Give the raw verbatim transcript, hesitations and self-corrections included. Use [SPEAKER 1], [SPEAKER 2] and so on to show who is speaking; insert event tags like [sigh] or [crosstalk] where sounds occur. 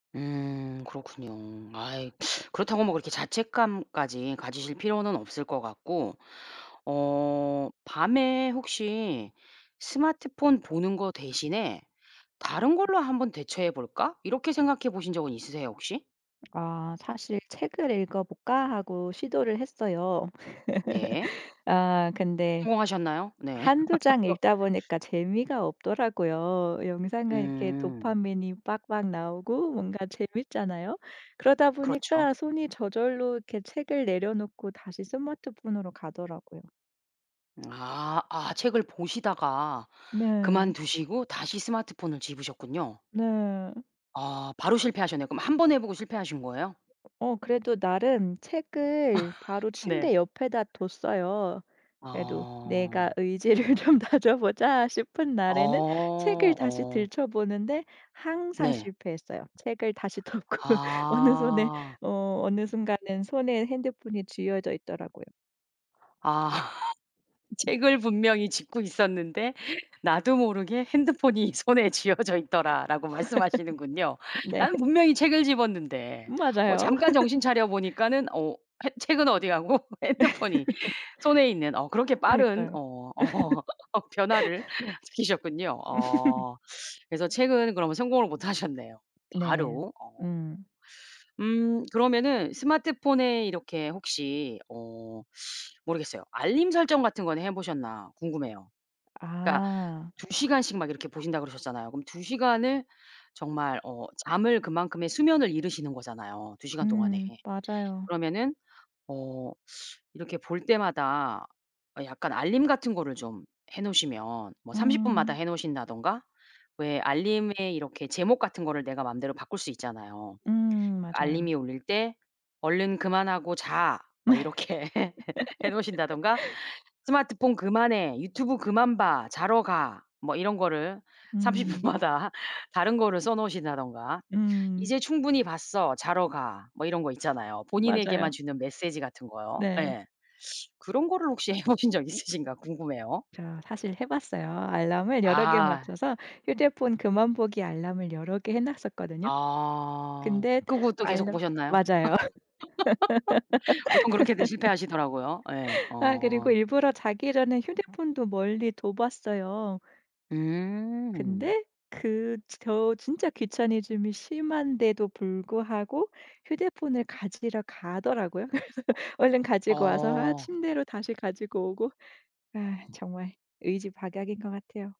[SPEAKER 1] 음, 그렇군요. 아이, 그렇다고 뭐 그렇게 자책감까지 가지실 필요는 없을 것 같고, 어 밤에 혹시 스마트폰 보는 거 대신에 '다른 걸로 한번 대처해 볼까?' 이렇게 생각해 보신 적은 있으세요? 혹시?
[SPEAKER 2] 아 사실 책을 읽어볼까 하고 시도를 했어요.
[SPEAKER 1] 네.
[SPEAKER 2] [laughs] 아 근데
[SPEAKER 1] 성공하셨나요? 네.
[SPEAKER 2] 한두 장 읽다
[SPEAKER 1] [laughs]
[SPEAKER 2] 보니까 재미가 없더라고요. 영상은 이렇게
[SPEAKER 1] 음.
[SPEAKER 2] 도파민이 빡빡 나오고 뭔가 재밌잖아요. 그러다
[SPEAKER 1] 그렇죠.
[SPEAKER 2] 보니까 손이 저절로 이렇게 책을 내려놓고 다시 스마트폰으로 가더라고요.
[SPEAKER 1] 아 아 책을 보시다가
[SPEAKER 2] 네.
[SPEAKER 1] 그만두시고 다시 스마트폰을 집으셨군요.
[SPEAKER 2] 네.
[SPEAKER 1] 아 바로 실패하셨네요. 그럼 한 번 해보고 실패하신 거예요?
[SPEAKER 2] 어 그래도 나름 책을 바로
[SPEAKER 1] [laughs] 네.
[SPEAKER 2] 침대 옆에다 뒀어요. 그래도 내가
[SPEAKER 1] 아.
[SPEAKER 2] 의지를 좀 다져보자 싶은 날에는 책을
[SPEAKER 1] 어
[SPEAKER 2] 다시
[SPEAKER 1] 어.
[SPEAKER 2] 들춰보는데 항상
[SPEAKER 1] 네.
[SPEAKER 2] 실패했어요. 책을 다시 덮고 어느 손에
[SPEAKER 1] 아.
[SPEAKER 2] 어 어느 순간은 손에 핸드폰이 쥐어져 있더라고요.
[SPEAKER 1] 아 책을 분명히 집고 있었는데 나도 모르게 핸드폰이 손에 쥐어져 있더라라고 말씀하시는군요.
[SPEAKER 2] [laughs] 네.
[SPEAKER 1] 나는 분명히 책을 집었는데 어
[SPEAKER 2] 맞아요.
[SPEAKER 1] 잠깐 정신
[SPEAKER 2] [laughs]
[SPEAKER 1] 차려보니까는 어 해 책은 어디 가고 핸드폰이
[SPEAKER 2] [laughs]
[SPEAKER 1] 손에 있는 어 그렇게 빠른
[SPEAKER 2] 그러니까요.
[SPEAKER 1] 어 어 변화를
[SPEAKER 2] [laughs]
[SPEAKER 1] 시키셨군요.
[SPEAKER 2] [laughs]
[SPEAKER 1] 어 그래서 책은 그럼 성공을 못하셨네요.
[SPEAKER 2] 네.
[SPEAKER 1] 바로 어.
[SPEAKER 2] 음.
[SPEAKER 1] 음 그러면은 스마트폰에 이렇게 혹시 어 [sucks teeth] 모르겠어요. 알림 설정 같은 건 해보셨나 궁금해요. 그러니까
[SPEAKER 2] 아.
[SPEAKER 1] 두 시 간씩 막 이렇게 보신다고 그러셨잖아요. 그럼 두 시 간을 정말 어 잠을 그만큼의 수면을 잃으시는 거잖아요. 두 시 간 동안에
[SPEAKER 2] 음, 맞아요.
[SPEAKER 1] 그러면은 어 [sucks teeth] 이렇게 볼 때마다 약간 알림 같은 거를 좀 해 놓으시면 뭐 삼십 분 마다
[SPEAKER 2] 음.
[SPEAKER 1] 해 놓으신다든가 왜 알림에 이렇게 제목 같은 거를 내가 마음대로 바꿀 수 있잖아요.
[SPEAKER 2] 음, 맞아요.
[SPEAKER 1] 알림이 울릴 때 "얼른 그만하고 자." 뭐 이렇게 해 놓으신다든가
[SPEAKER 2] [laughs]
[SPEAKER 1] "스마트폰 그만해, 유튜브 그만 봐. 자러 가." 뭐 이런 거를 삼십
[SPEAKER 2] 음.
[SPEAKER 1] 분 마다 다른 거를 써 놓으신다든가.
[SPEAKER 2] 음.
[SPEAKER 1] "이제 충분히 봤어. 자러 가." 뭐 이런 거 있잖아요. 본인에게만
[SPEAKER 2] 맞아요.
[SPEAKER 1] 주는 메시지 같은 거요.
[SPEAKER 2] 네.
[SPEAKER 1] 예. 그런 거를 혹시 해보신 적 있으신가 궁금해요.
[SPEAKER 2] 저 사실 해 봤어요. 알람을 여러 개에
[SPEAKER 1] 아.
[SPEAKER 2] 맞춰서 휴대폰 그만 보기 알람을 여러 개 해 놨었거든요.
[SPEAKER 1] 아
[SPEAKER 2] 근데
[SPEAKER 1] 그리고 또 계속
[SPEAKER 2] 알람
[SPEAKER 1] 보셨나요?
[SPEAKER 2] 맞아요.
[SPEAKER 1] [laughs] 보통 그렇게들 실패하시더라고요. 예.
[SPEAKER 2] [laughs] 아
[SPEAKER 1] 어.
[SPEAKER 2] 그리고 일부러 자기 전에 휴대폰도 멀리 둬봤어요.
[SPEAKER 1] 음.
[SPEAKER 2] 근데 그 저 진짜 귀차니즘이 심한데도 불구하고 휴대폰을 가지러 가더라고요. 그래서 얼른 가지고 와서 아
[SPEAKER 1] 어.
[SPEAKER 2] 침대로 다시 가지고 오고 아 정말 의지박약인 것 같아요.